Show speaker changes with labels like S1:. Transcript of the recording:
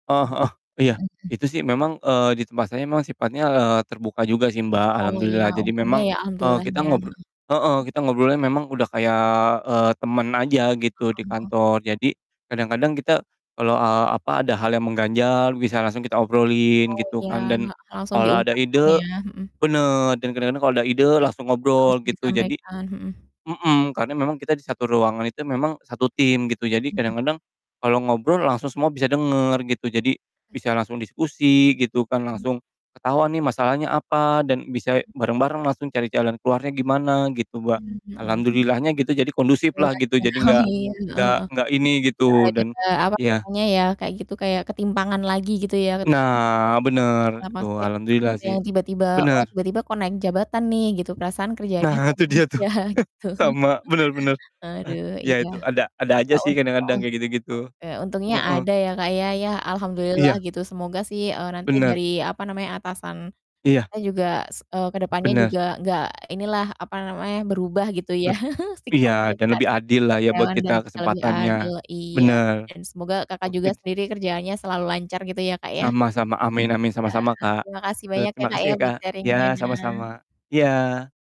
S1: Heeh heeh, iya,
S2: Heeh heeh.
S1: itu sih memang, eee, di tempat saya memang sifatnya, eee, terbuka juga sih, Mbak,
S2: Oh, iya,
S1: alhamdulillah, jadi
S2: untungnya
S1: memang,
S2: ya,
S1: eee, kita
S2: alhamdulillahnya,
S1: ngobro
S2: heeh.
S1: heeh, kita ngobrolnya memang udah kayak, eee, temen aja gitu di
S2: Heeh heeh.
S1: kantor. Jadi, kadang-kadang kita kalo, eee, apa, ada hal yang mengganjal bisa langsung kita obrolin
S2: Oh
S1: gitu
S2: iya,
S1: kan dan
S2: heeh, langsung
S1: kalo ada
S2: diungkapkan
S1: ide
S2: ya, mhm.
S1: bener, dan kadang-kadang kalo ada ide langsung
S2: Harus
S1: ngobrol gitu. Jadi
S2: disampaikan, mhm.
S1: mhm, karena memang kita di satu ruangan itu memang satu tim gitu, jadi
S2: E mhm.
S1: kadang-kadang kalo ngobrol langsung semua bisa denger gitu. Jadi bisa langsung diskusi gitu kan,
S2: Hmm.
S1: langsung ketahuan nih masalahnya apa, dan bisa
S2: Mhm.
S1: bareng-bareng langsung cari jalan keluarnya gimana gitu, Mbak.
S2: Mmm, heeh.
S1: Alhamdulillahnya gitu, jadi kondusif
S2: Iya.
S1: lah gitu, jadi gak
S2: Alhamdulillanya, oh, iya, heeh
S1: gak
S2: heeh.
S1: gak ini
S2: Gak
S1: gitu
S2: ada,
S1: dan
S2: apa,
S1: iya.
S2: orangnya ya, kayak gitu kayak, ketimpangan lagi, gitu ya. [unintelligible]
S1: Nah, bener,
S2: Ah,
S1: itu,
S2: maksudnya,
S1: alhamdulillah sih,
S2: yang tiba-tiba, oh
S1: bener.
S2: tiba-tiba kok naik jabatan nih, gitu perasaan kerjanya
S1: Nah,
S2: sama
S1: tuh dia tuh,
S2: aja, gitu.
S1: sama, bener, bener. Eh,
S2: Aduh,
S1: iya
S2: iya.
S1: itu, ada ada aja
S2: Heeh
S1: sih kadang-kadang
S2: heeh,
S1: kayak gitu-gitu.
S2: eee, untungnya
S1: Heeh.
S2: ada ya, Kak ya. Ya alhamdulillah
S1: Iya.
S2: gitu, semoga sih, eee, nanti
S1: Bener.
S2: dari apa namanya, atasan
S1: Iya.
S2: kita juga, s eee, kedepannya
S1: Bener.
S2: juga nggak ini lah, apa namanya, berubah gitu ya,
S1: Leb iya
S2: sikapnya
S1: dan
S2: kan
S1: lebih adil lah, ya, buat
S2: hewan dan
S1: kita
S2: bisa lebih adil.
S1: kesempatannya,
S2: Iya,
S1: bener,
S2: dan semoga Kakak
S1: oke
S2: juga
S1: de
S2: sendiri kerjaannya selalu lancar gitu ya, Kak ya.
S1: Sama sama, amin amin,
S2: Ya,
S1: sama-sama, Kak.
S2: terima kasih
S1: De
S2: banyak ya,
S1: terima
S2: Kak ya
S1: kasih ya, Kak.
S2: buat
S1: Iya,
S2: sharing-nya.
S1: sama-sama. Iya.